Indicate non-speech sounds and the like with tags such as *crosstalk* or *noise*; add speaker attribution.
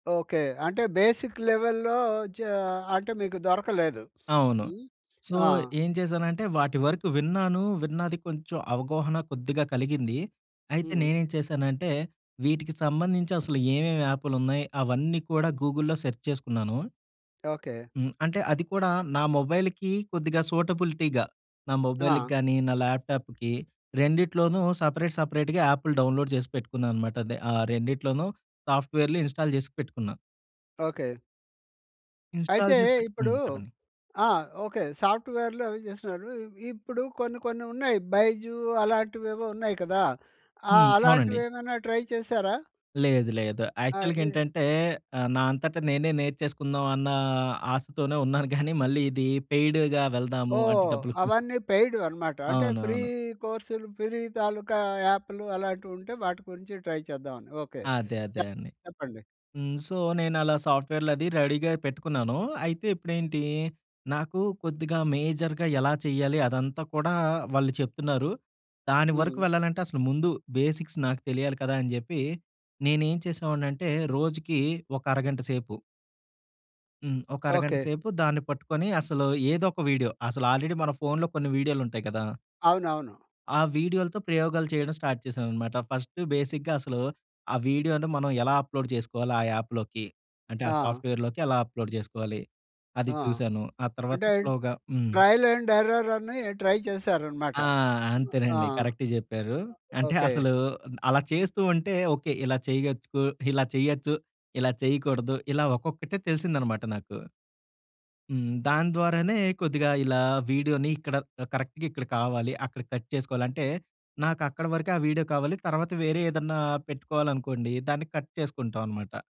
Speaker 1: Okay. అంటే basic లెవెల్‌లో జా అంటే మీకు దొరకలేదు.
Speaker 2: అవును.
Speaker 1: హ్మ్.
Speaker 2: సో,
Speaker 1: ఆ!
Speaker 2: ఏం చేశానంటే వాటి వరకు విన్నాను. విన్నాది కొంచెం అవగాహన కొద్దిగా కలిగింది. అయితే
Speaker 1: హ్మ్.
Speaker 2: నేనేం చేశానంటే వీటికి సంబంధించి అసలు ఏమేమి యాపు‌లున్నయి అవన్నీ కూడా గూగుల్‌‌లో సెర్చ్ చేసుకున్నాను.
Speaker 1: ఓకే.
Speaker 2: హ్మ్. అంటే అది కూడా నా మొబైల్‌కి కొద్దిగా సూటబిలిటీ‌గా, నా మొబైల్‌కి
Speaker 1: ఆ!
Speaker 2: గాని, నా ల్యాప్‌టాప్‌కి రెండిట్లోనూ సెపరేట్ సెపరేట్‌గా యాపులు డౌన్‌లోడ్ జేసి పెట్టుకున్నా అన్నమాట. అదే, ఆహ్, రెండిట్లోనూ సాఫ్ట్‌వేర్లు ఇన్‌స్టాల్ జేసి పెట్టుకున్నా.
Speaker 1: ఓకే.
Speaker 2: ఇన్‌స్టాల్
Speaker 1: అయితే
Speaker 2: జేసి పెట్టుకున్
Speaker 1: ఇప్పుడు
Speaker 2: హ్మ్. చెప్పండి.
Speaker 1: ఆ! ఓకే. సాఫ్ట్‌వేర్లు అవి జేస్తున్నారు. ఈ ఇప్పుడు కొన్ని కొన్ని ఉన్నాయి. బైజూ అలాంటివేవో ఉన్నాయి కదా! ఆహ్,
Speaker 2: హ్మ్. అవునండి.
Speaker 1: అలాంటివేమన్నా ట్రై చేశారా?
Speaker 2: లేదు లేదు.
Speaker 1: అ! ఇ
Speaker 2: యాక్చువల్‌గేంటంటే ఆహ్, నా అంతట నేనే నేర్చేసుకుందాం అన్న ఆశతోనే ఉన్నాను గానీ, మళ్ళీ ఇది పెయిడ్‌గా వెళ్దాము, అంటే
Speaker 1: ఓహ్!
Speaker 2: డబ్బులు *giggles*
Speaker 1: అవన్నీ పెయిడ్‌వనమాట. అంటే ఫ్రీ
Speaker 2: అవునవును.
Speaker 1: కోర్స్‌లు, ఫ్రీ తాలూకా యాప్లు అలాంటివి ఉంటే వాటి గురించి ట్రై చేద్దాం అని ఓకే. చ
Speaker 2: అదే. అదే అండి.
Speaker 1: చెప్పండి.
Speaker 2: హ్మ్. సో, నేనలా సాఫ్ట్‌వేర్లది రెడీగా పెట్టుకున్నాను. అయితే ఇప్పుడేంటి నాకు కొద్దిగా మేజర్‌గా ఎలా చెయ్యాలి, అదంతా కూడా వాళ్ళు చెప్తున్నారు. దాని వరకు
Speaker 1: హ్మ్.
Speaker 2: వెళ్ళాలంటే అసలు ముందు బేసిక్స్ నాకు తెలియాలి కదా! అని జెప్పి, నేనేం చేసేవాడినంటే రోజుకి ఒక అరగంట సేపు హ్మ్. ఒక అరగంట
Speaker 1: ఓకే.
Speaker 2: సేపు దాన్ని పట్టుకొని అసలు ఏదోక వీడియో అసలు ఆల్రెడీ మన ఫోన్‌లో కొన్ని వీడియోలు ఉంటాయి కదా!
Speaker 1: అవునవును.
Speaker 2: ఆ వీడియో‌లతో ప్రయోగాలు చేయడం స్టార్ట్ చేశానన్నమాట. ఫస్టు బేసిగ్గా అసలు ఆ వీడియో‌ని మనం ఎలా అప్లోడ్ జేసుకోవాలి ఆ యాప్‌లోకి? అంటే ఆ
Speaker 1: ఆ!
Speaker 2: సాఫ్ట్‌వేర్‌లోకి ఎలా అప్లోడ్ జేసుకోవాలి? అది
Speaker 1: ఆ!
Speaker 2: చూశాను. ఆ తర్వాత
Speaker 1: అంటే
Speaker 2: స్లోగా హ్మ్.
Speaker 1: ట్రయల్ అండ్ ఎర్రర్ అని ట్రై చేశారనమాట.
Speaker 2: ఆ!
Speaker 1: హ్మ్. ఆ!
Speaker 2: అంతేనండి. కరెక్ట్ జెప్పారు. అంటే
Speaker 1: ఓకే. ఓకే.
Speaker 2: అసలు అ అలా చేస్తూ ఉంటే ఓకే. ఇలా చేయగచ్చుకు ఇలా చేయొచ్చు. ఇలా చేయకూడదు. ఇలా ఒక్కొక్కటే తెలిసిందన్నమాట నాకు. హ్మ్. దాని ద్వారానే కొద్దిగా ఇలా వీడియో‌ని ఇక్కడ ఆహ్, కరెక్ట్‌గా ఇక్కడ కావాలి. అక్కడ కట్ చేసుకోవాలి. అంటే నాకక్కడి వరకే ఆ వీడియో కావాలి తర్వాత, వేరే ఏదన్నా పెట్టుకోవాలనుకోండి దాన్ని కట్ చేసుకుంటాం అనమాట.